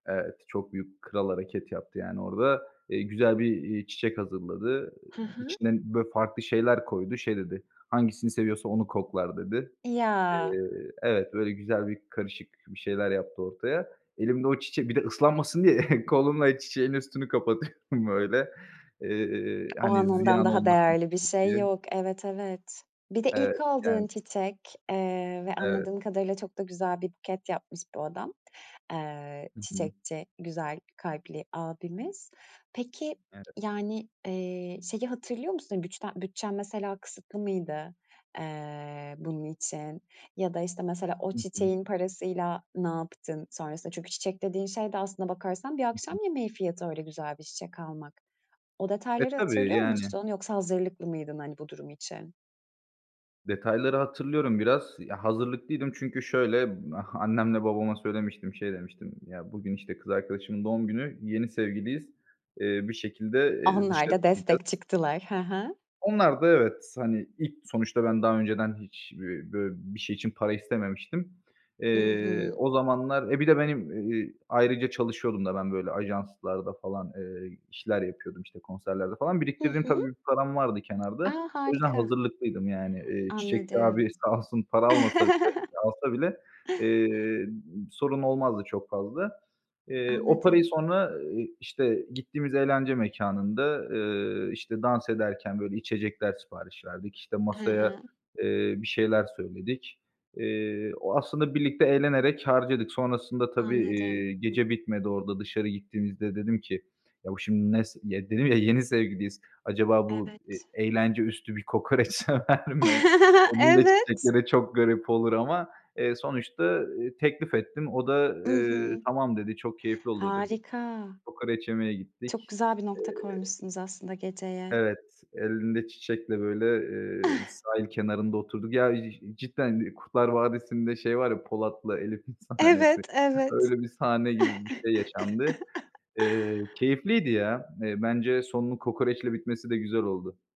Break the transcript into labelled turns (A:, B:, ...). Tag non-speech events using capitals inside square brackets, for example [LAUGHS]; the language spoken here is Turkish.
A: Evet, çok büyük, kral hareket yaptı, yani, orada. Eee, güzel bir, eee, çiçek hazırladı,
B: Hı
A: eee,
B: hı.
A: içine, böyle, farklı şeyler koydu. Şey dedi, "Hangisini seviyorsa onu koklar." dedi.
B: Ya!
A: Eee Evet, böyle güzel bir karışık bir şeyler yaptı ortaya. Elimde o çiçek bir de ıslanmasın diye [CHUCKLES] kolumla çiçeğin üstünü kapatıyorum [CHUCKLES] böyle, eee,
B: O
A: hani,
B: an, ondan
A: ziyan
B: daha
A: olmasın
B: değerli bir
A: çiçek
B: şey
A: diye.
B: yok. Evet, evet. Bir de
A: Evet.
B: ilk aldığın
A: Yani
B: çiçek, eee, ve
A: Evet.
B: anladığım kadarıyla çok da güzel bir buket yapmış bu adam. Eee,
A: Hı hı.
B: çiçekçi güzel kalpli abimiz. Peki,
A: Evet.
B: yani, eee, şeyi hatırlıyor musun? Güçten bütçen mesela kısıtlı mıydı, eee, bunun için, ya da, işte, mesela o
A: Hı hı.
B: çiçeğin parasıyla ne yaptın sonrasında? Çünkü çiçek dediğin şey de aslına bakarsan bir
A: Hı
B: akşam
A: hı.
B: yemeği fiyatı, öyle güzel bir çiçek almak. O
A: E,
B: detayları
A: tabii,
B: hatırlıyor
A: yani.
B: musun yoksa hazırlıklı mıydın, hani, bu durum için?
A: Detayları hatırlıyorum biraz. Ya, hazırlıklıydım çünkü şöyle, ah annemle babama söylemiştim, şey demiştim: Ya, bugün, işte, kız arkadaşımın doğum günü, yeni sevgiliyiz, eee, bir şekilde, eee,
B: Onlar
A: dışarı
B: da destek
A: çıkacağız.
B: çıktılar. Hı hı.
A: Onlar da evet, hani, ilk sonuçta ben daha önceden hiç b bö bir şey için para istememiştim.
B: I
A: Eee,
B: hı.
A: o zamanlar e, bir de benim, eee, ayrıca çalışıyordum da ben, böyle, ajanslarda falan, eee, işler yapıyordum, işte konserlerde falan.
B: Hı
A: Biriktirdiğim
B: hı.
A: tabii, bir param vardı kenarda.
B: A!
A: O yüzden
B: Harika.
A: hazırlıklıydım yani. Eee, çiçekçi abi
B: Anladım.
A: sağ olsun para almasa bile
B: [LAUGHS]
A: eee, alsa bile, eee, sorun olmazdı çok fazla. Eee, o parayı
B: Anladım.
A: sonra, ııı, işte, gittiğimiz eğlence mekânında, ııı, işte, dans ederken, böyle, içecekler sipariş verdik, işte,
B: Hı
A: masaya,
B: hı.
A: eee, bir şeyler söyledik. Eee, o aslında birlikte eğlenerek harcadık. Sonrasında tabii, eee,
B: Anladım.
A: gece bitmedi orada, dışarı gittiğimizde dedim ki: "Ya, bu şimdi ne s" ya, dedim ya yeni sevgiliyiz. "Acaba bu, eee,
B: Evet.
A: eğlence üstü bir kokoreç sever mi?"
B: [LAUGHS]
A: Elinde
B: Evet!
A: çiçekle de çok garip olur ama, eee, sonuçta, ııı, teklif ettim. O da,
B: I
A: eee,
B: hı.
A: "Tamam", dedi, "Çok keyifli olur." dedi.
B: Harika.
A: Kokoreç yemeye
B: Çok
A: gittik.
B: güzel bir nokta
A: Eee
B: koymuşsunuz aslında geceye.
A: Evet, elinde çiçekle, böyle, eee, bir
B: [CHUCKLES]
A: sahil kenarında oturduk. Ya, ci cidden Kurtlar Vadisi'nde şey var ya, Polat'la Elif'in sahnesi.
B: Evet, evet.
A: Öyle bir sahne gibi bir şey yaşandı.
B: [CHUCKLES]
A: Eee, keyifliydi ya. Eee, bence sonunun kokoreçle bitmesi de güzel oldu.